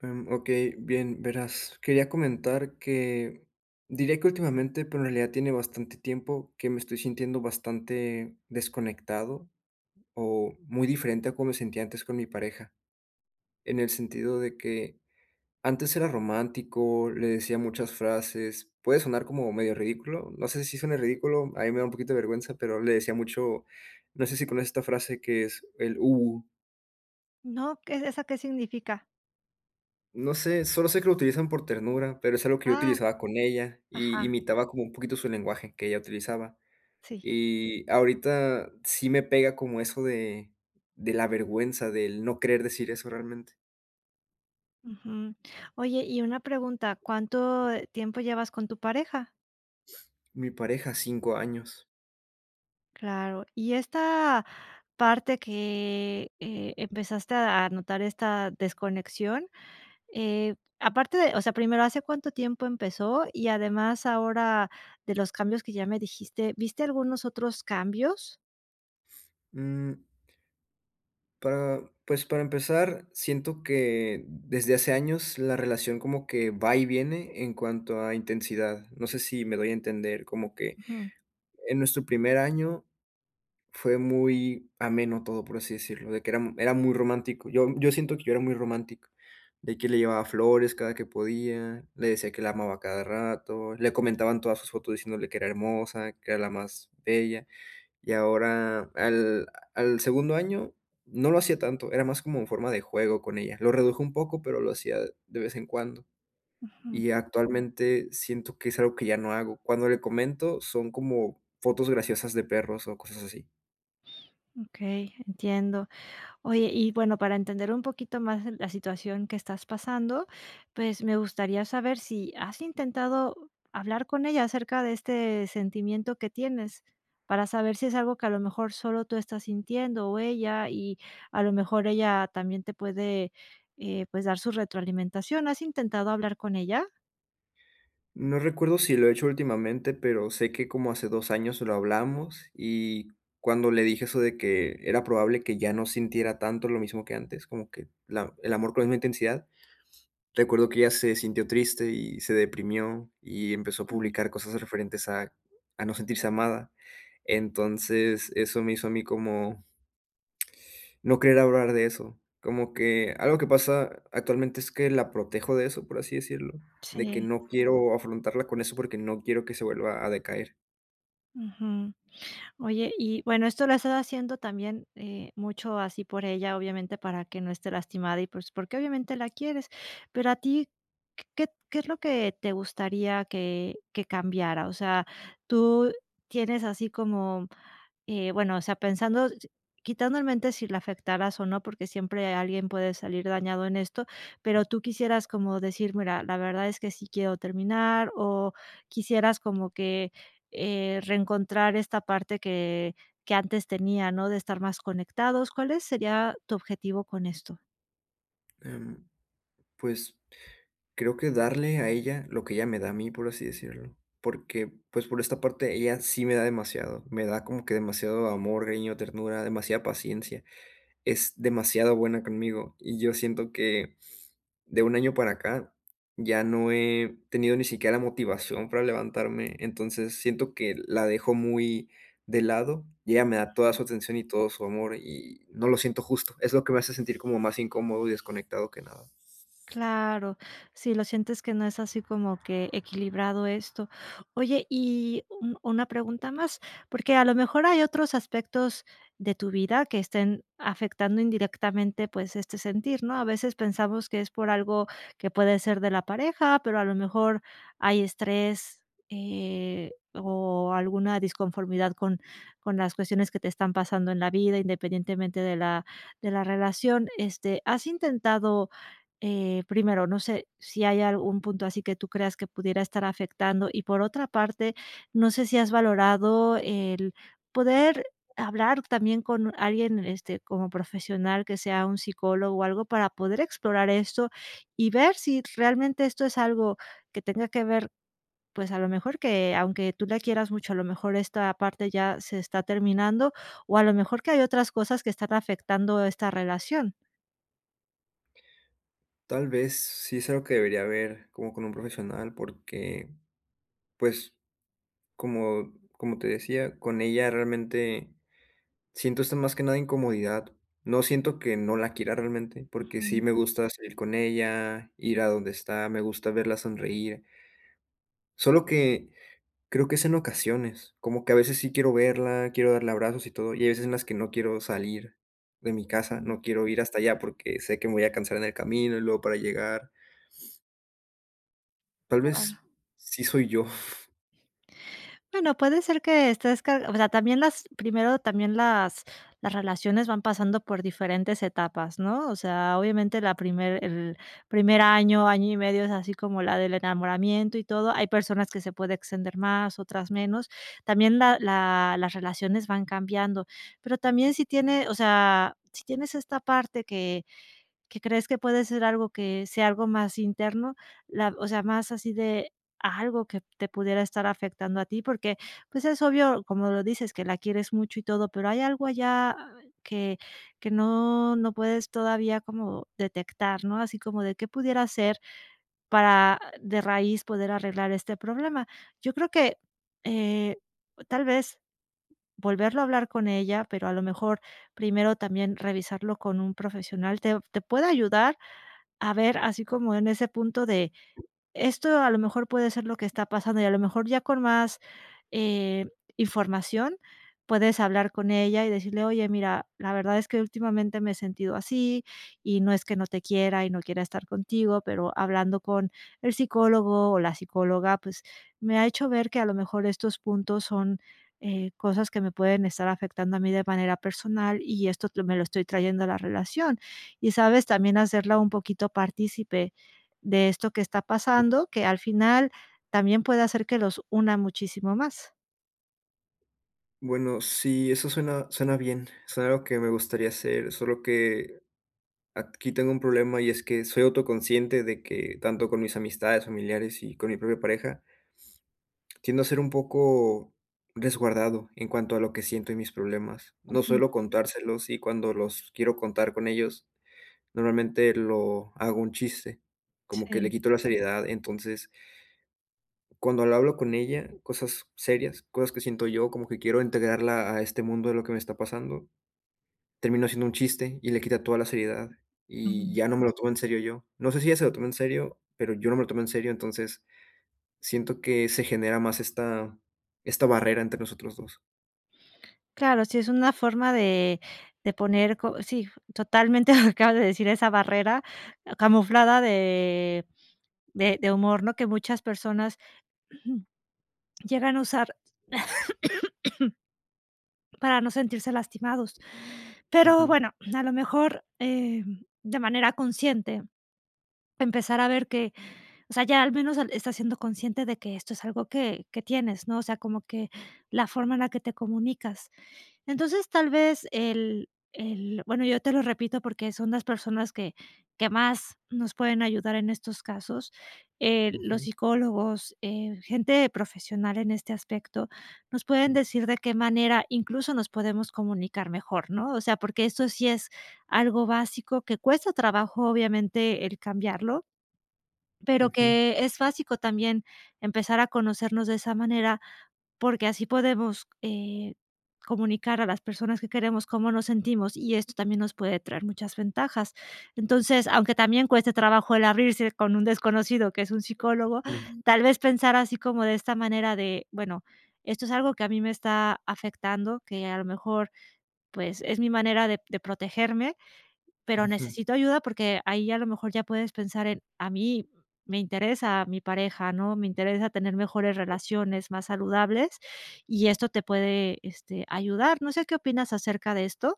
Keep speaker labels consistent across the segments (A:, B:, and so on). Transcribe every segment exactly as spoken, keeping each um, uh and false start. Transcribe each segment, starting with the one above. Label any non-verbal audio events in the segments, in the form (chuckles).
A: Em, okey, bien, verás, quería comentar que diría que últimamente, pero, en realidad tiene bastante tiempo que me estoy sintiendo bastante desconectado, o muy diferente a como me sentía antes con mi pareja. En el sentido de que antes era romántico, le decía muchas frases puede sonar como medio ridículo, no sé, si suene ridículo. A mí me da un poquito de vergüenza, pero, le decía mucho, no sé, si conoces esta frase que es el uwu.
B: No, ¿qué esa qué significa?
A: No sé, solo sé que lo utilizan por ternura, pero, es algo que yo
B: Ah,
A: utilizaba con ella. Y
B: ajá.
A: imitaba como un poquito su lenguaje que ella utilizaba.
B: Sí.
A: Y ahorita sí me pega como eso de de la vergüenza del no querer decir eso realmente.
B: Ujú. Oye, y una pregunta, ¿cuánto tiempo llevas con tu pareja?
A: (sniffs) Mi pareja cinco años.
B: Claro, y esta parte que, eh, empezaste a notar esta desconexión, eh, aparte de O sea, primero, ¿hace cuánto tiempo empezó? Y además, ahora de los cambios que ya me dijiste, viste algunos otros cambios?
A: Mm. Pa pues para empezar, siento que, desde hace años, la relación como que va y viene en cuanto a intensidad, no sé si me doy a entender. Como que,
B: Ujú.
A: en nuestro primer año, fue muy ameno todo, por así decirlo, de que era era muy romántico. Yo yo siento que yo era muy romántico. De que le llevaba flores cada que podía. Le decía que la amaba a cada rato. Le comentaba en todas sus fotos diciéndole que era hermosa, que era la más bella. Y ahora, al al segundo año no lo hacía tanto. Era más como en forma de juego con ella. Lo reduje un poco, pero lo hacía de vez en cuando.
B: Ujú.
A: Y actualmente siento que es algo que ya no hago. Cuando le comento, son como fotos graciosas de perros, o cosas así.
B: (whistles) Okey, entiendo. Oye, y bueno, para entender un poquito más la situación que estás pasando, pues me gustaría saber si, ¿has intentado hablar con ella acerca de este sentimiento que tienes? Para saber si es algo que a lo mejor solo tú estás sintiendo, o ella, y a lo mejor ella también te puede, eh, pues dar su retroalimentación, ¿has intentado hablar con ella?
A: No recuerdo si lo he hecho últimamente, pero sé que como hace dos años lo hablamos, y cuando le dije eso de que era probable que ya no sintiera tanto lo mismo que antes, como que la el amor con la misma intensidad, recuerdo que ella se sintió triste y se deprimió, y empezó a publicar cosas referentes a a no sentirse amada. Entonces, eso me hizo a mí como no querer hablar de eso. Como que algo que pasa actualmente es que la protejo de eso, por así decirlo, de que
B: Sí.
A: no quiero afrontarla con eso porque no quiero que se vuelva a decaer.
B: Ujú. Oye, y bueno, esto lo has estado haciendo también, eh, mucho así por ella, obviamente, para que no esté lastimada y pues porque obviamente la quieres, pero a ti, ¿q qué es lo que te gustaría que que cambiara? O sea, tú tienes así como, eh, bueno, o sea, pensando si quitando en mente si la afectaras o no, porque siempre alguien puede salir dañado en esto. Pero, ¿tú quisieras como decir: "Mira, la verdad es que sí quiero terminar?" ¿O quisieras como que, eh, reencontrar esta parte que que antes tenía, no? De estar más conectados. ¿Cuál es sería tu objetivo con esto?
A: Em, pues, creo que darle a ella lo que ella me da a mí, por así decirlo. Porque, pues, por esta parte, ella sí me da demasiado, me da como que demasiado amor, cariño, ternura, demasiada paciencia, es demasiado buena conmigo, y yo siento que, de un año para acá, ya no he tenido ni siquiera motivación para levantarme. Entonces, siento que la dejo muy de lado y ella me da toda su atención y todo su amor, y no lo siento justo. Es lo que me hace sentir como más incómodo y desconectado que nada.
B: Claro. Sí lo sientes que no es así como que equilibrado esto. Oye, y u una pregunta más, porque a lo mejor hay otros aspectos de tu vida que estén afectando indirectamente, pues, este sentir, ¿no?, a veces pensamos que es por algo que puede ser de la pareja, pero, a lo mejor, hay estrés, eh, o alguna disconformidad con con las cuestiones que te están pasando en la vida, independientemente de la de la relación, este, ¿has intentado?, eh, primero, no sé si hay algún punto así que tú creas que pudiera estar afectando? Y por otra parte, no sé si has valorado el poder hablar también con alguien, este, como profesional, que sea un psicólogo o algo para poder explorar esto, y ver si realmente esto es algo que tenga que ver, pues, a lo mejor, que aunque tú la quieras mucho, a lo mejor esta parte ya se está terminando, o, a lo mejor, que hay otras cosas que están afectando esta relación.
A: Tal vez sí es algo que debería ver como con un profesional, porque, pues, como como te decía, con ella realmente siento esto más que nada incomodidad. No siento que no la quiera realmente porque sí
B: Ujú.
A: me gusta salir con ella, ir a donde está, me gusta verla sonreír. Solo que creo que es en ocasiones, como que a veces sí quiero verla, quiero darle abrazos y todo, y hay veces en las que no quiero salir de mi casa.
B: Ujú.
A: No quiero ir hasta allá porque sé que me voy a cansar en el camino y luego para llegar. Tal
B: Qué
A: vez
B: bueno.
A: sí soy yo.
B: Bueno, puede ser que estés car o sea, también las primero también las las relaciones van pasando por diferentes etapas, ¿no? O sea, obviamente la primer el primer año, año y medio es así como la del enamoramiento y todo. Hay personas que se pueden extender más, otras menos. También la la las relaciones van cambiando, pero también si tiene, o sea, si tienes esta parte que que crees que puede ser algo que sea algo más interno la o sea, más así de algo que te pudiera estar afectando a ti, porque, pues, es obvio, como lo dices, que la quieres mucho y todo. Pero hay algo allá que que no no puedes todavía como detectar, ¿no? Así como de qué pudiera ser para de raíz poder arreglar este problema. Yo creo que, eh, tal vez volverlo a hablar con ella, pero a lo mejor primero también revisarlo con un profesional, te te puede ayudar a ver así como en ese punto de, esto a lo mejor puede ser lo que está pasando, y a lo mejor ya con más, eh, información puedes hablar con ella y decirle: "Oye, mira, la verdad es que últimamente me he sentido así, y no es que no te quiera y no quiera estar contigo, pero hablando con el psicólogo o la psicóloga, pues me ha hecho ver que a lo mejor estos puntos son, eh, cosas que me pueden estar afectando a mí de manera personal y esto me lo estoy trayendo a la relación", y, ¿sabes? también hacerla un poquito partícipe de esto que está pasando, que al final también puede hacer que los una muchísimo más.
A: Bueno, sí, eso suena suena bien, suena algo que me gustaría hacer, solo que aquí tengo un problema. Y es que soy autoconsciente de que tanto con mis amistades, familiares y con mi propia pareja, (sniffs) tiendo a ser un poco resguardado en cuanto a lo que siento y mis problemas. No
B: Ujú.
A: suelo contárselos, y cuando los quiero contar con ellos, normalmente, lo hago un chiste, como que le
B: Sí.
A: quito la seriedad, entonces cuando lo hablo con ella cosas serias, cosas que siento yo, como que quiero integrarla a este mundo de lo que me está pasando, terminó haciendo un chiste, y le quita toda la seriedad. Y
B: Ujú.
A: ya no me lo tomo en serio yo. No sé si ella se lo toma en serio, pero yo no me lo tomo en serio. Entonces, siento que se genera más esta esta barrera entre nosotros dos.
B: Claro. Sí, es una forma de de poner co sí, totalmente. (chuckles) Acabas de decir esa barrera camuflada de de de humor, ¿no?, que muchas personas (clears throat) Llegan a usar (coughs) para no sentirse lastimados. Pero
A: Ujú.
B: bueno, a lo mejor, eh, de manera consciente, empezar a ver que o sea, ya al menos han estás siendo consciente de que esto es algo que que tienes, ¿no? O sea, como que la forma en la que te comunicas. Entonces, tal vez, el el bueno, yo te lo repito, porque son las personas que que más nos pueden ayudar en estos casos. Eh, los
A: Ujú.
B: psicólogos, eh, gente profesional en este aspecto, nos pueden
A: Mm.
B: decir de qué manera incluso, nos podemos comunicar mejor, ¿no? O sea, porque esto sí es algo básico que cuesta trabajo, obviamente, el cambiarlo, pero
A: Ujú.
B: que es básico, también empezar a conocernos de esa manera, porque así podemos, eh, comunicar a las personas que queremos, cómo nos sentimos, y esto también nos puede traer muchas ventajas. Entonces, aunque también cueste trabajo el abrirse con un desconocido que es un psicólogo, tal vez, pensar así como de esta manera de: "Bueno, esto es algo que a mí me está afectando, que a lo mejor, pues, es mi manera de de protegerme, pero
A: Ujú.
B: necesito ayuda", porque ahí, a lo mejor, ya puedes pensar en: "A mí me interesa mi pareja, ¿no?, me interesa tener mejores relaciones, más saludables". Y esto te puede, este, ayudar. No sé, ¿qué opinas acerca de esto?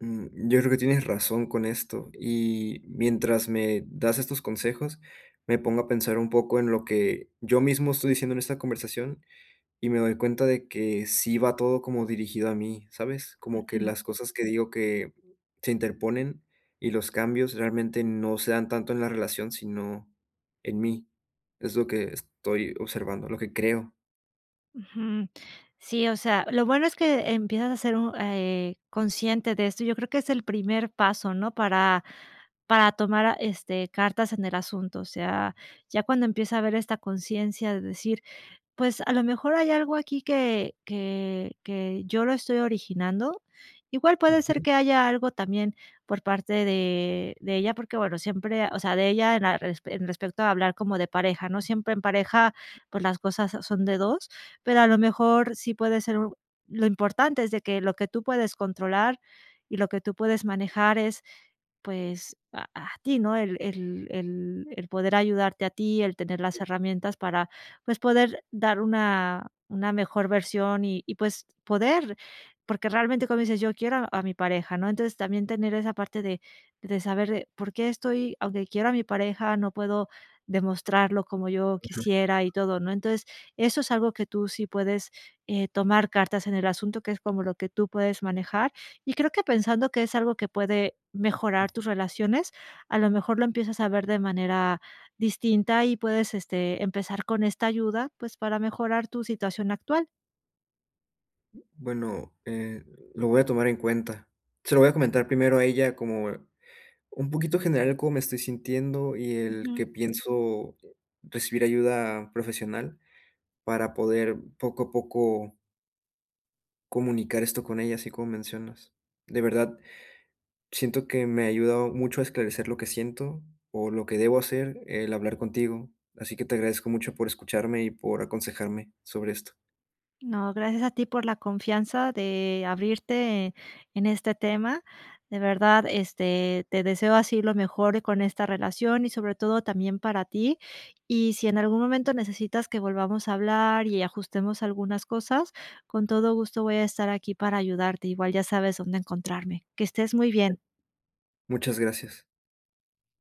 A: Mm, yo creo que tienes razón con esto. Y mientras me das estos consejos, me pongo a pensar un poco en lo que yo mismo estoy diciendo en esta conversación, y me doy cuenta de que sí va todo como dirigido a mí, ¿sabes? Como que
B: Ujú.
A: las cosas que digo que se interponen, y los cambios realmente no se dan tanto en la relación, sino en mí, es lo que estoy observando, lo que creo.
B: Ujú. Sí, o sea, lo bueno es que empiezas a ser un eh, consciente de esto. Yo creo que es el primer paso, ¿no?, para para tomar a este, cartas en el asunto. O sea, ya cuando empieza a haber esta conciencia de decir, pues, a lo mejor hay algo aquí que que que yo lo estoy originando. Igual puede ser
A: Ujú.
B: que haya algo también por parte de de ella, porque, bueno, siempre o sea de ella en la en respecto a hablar como de pareja, ¿no? Siempre en pareja, pues, las cosas son de dos, pero, a lo mejor sí puede ser. Lo importante es de que lo que tú puedes controlar, y lo que tú puedes manejar es, pues, a a ti, ¿no? El el el el poder ayudarte a ti, el tener las herramientas, para pues, poder dar una una mejor versión, y y pues, poder, porque, realmente como dices yo quiero a mi pareja, ¿no? Entonces también tener esa parte de de saber, por qué, estoy aunque quiero a mi pareja, no puedo demostrarlo como yo
A: Ujú.
B: quisiera, y todo, ¿no? Entonces, eso es algo que tú sí puedes, eh, tomar cartas en el asunto, que es como lo que tú puedes manejar, y creo que pensando que es algo que puede mejorar
A: Ujú.
B: tus relaciones, a lo mejor lo empiezas a ver de manera distinta, y puedes, este, empezar con esta ayuda, pues, para mejorar tu situación actual.
A: Bueno, eh, lo voy a tomar en cuenta, se lo voy a comentar primero a ella, como, eh, un poquito general el cómo me estoy sintiendo, y el
B: Ujú.
A: que pienso recibir ayuda profesional, para poder poco a poco comunicar esto con ella, así como mencionas. De verdad, siento que me ha ayudado mucho a esclarecer lo que siento, o lo que debo hacer, el hablar contigo. Así que te agradezco mucho por escucharme y por aconsejarme sobre esto.
B: No, gracias a ti por la confianza de, abrirte, eh, en este tema. De verdad, este, te deseo así lo mejor con esta relación, y sobre todo, también para ti. Y si en algún momento necesitas que volvamos a hablar y ajustemos algunas cosas, con todo gusto voy a estar aquí para ayudarte, igual ya sabes dónde encontrarme. Que estés muy bien.
A: Muchas gracias.